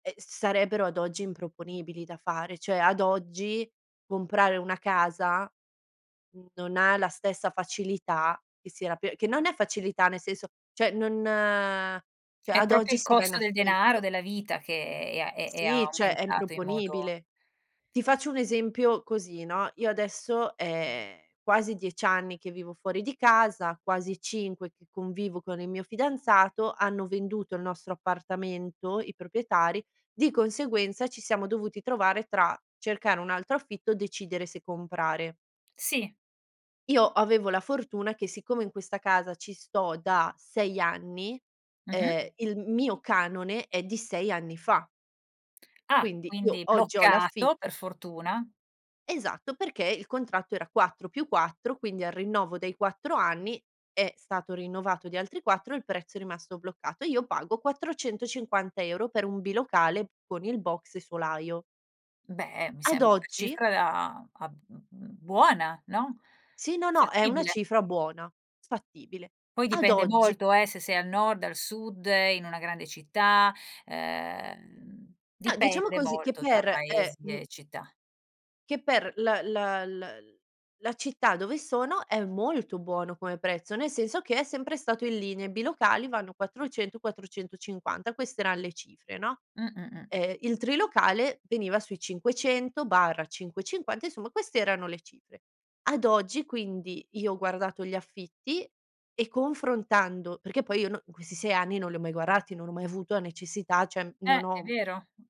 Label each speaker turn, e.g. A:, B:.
A: E, sarebbero, ad oggi improponibili da fare. Cioè, ad oggi, comprare 1 casa, non ha la stessa facilità che si era per che non è facilità, nel senso cioè, non cioè,
B: È
A: ad
B: proprio
A: oggi
B: il
A: si va in
B: costo del denaro,
A: affitto.
B: della vita che è è a è
A: Sì, cioè, è
B: aumentato, in modo
A: improponibile. Ti faccio un esempio così, no? Io adesso è quasi 10 anni che vivo fuori di casa, quasi 5 che convivo con il mio fidanzato, hanno venduto il nostro appartamento- i proprietari- di conseguenza ci siamo dovuti trovare tra, cercare un altro affitto o decidere se comprare.
B: Sì.
A: Io avevo la fortuna che siccome in questa casa ci sto da 6 anni,
B: Mh-mh.
A: ehm, il m mio canone è di 6 anni fa.
B: Ah,
A: Quindi, boh,
B: quindi,
A: oggi ho
B: bloccato, per
A: l'affitt
B: fortuna.
A: Esatto, perché il contratto era 4+4, quindi al rinnovo dei 4 anni, è stato rinnovato di altri 4 e il prezzo è rimasto bloccato. Io pago 450 € per un bilocale, con il box e solaio.
B: Beh, mi
A: Ad
B: sembra una
A: oggi
B: cifra da abb b b buona, no,
A: Sì, no, no, è una
B: fattibile.
A: cifra buona, fattibile.
B: Poi
A: Ad
B: dipende
A: oggi
B: molto, eh, se sei al Nord, al Sud, in una grande città, ehm,
A: Ah, diciamo
B: dipende
A: così, che
B: molto, tra
A: per, eh,
B: paesi
A: mhmm
B: e città.
A: che per l l l la città dove sono, è molto buono come prezzo, nel senso che è sempre stato in linea, i bilocali vanno 400, 450, queste eran le cifre, no?
B: Mh, mh, mh.
A: Ehm, il trilocale veniva sui 500/550, insomma queste erano le cifre. Ad oggi, quindi, io ho guardato gli affitti, e confrontando perché poi io no in questi sei anni non li ho mai guardati, non ho mai avuto a necessità cioè, mhmm, non
B: Eh, è
A: ho
B: vero.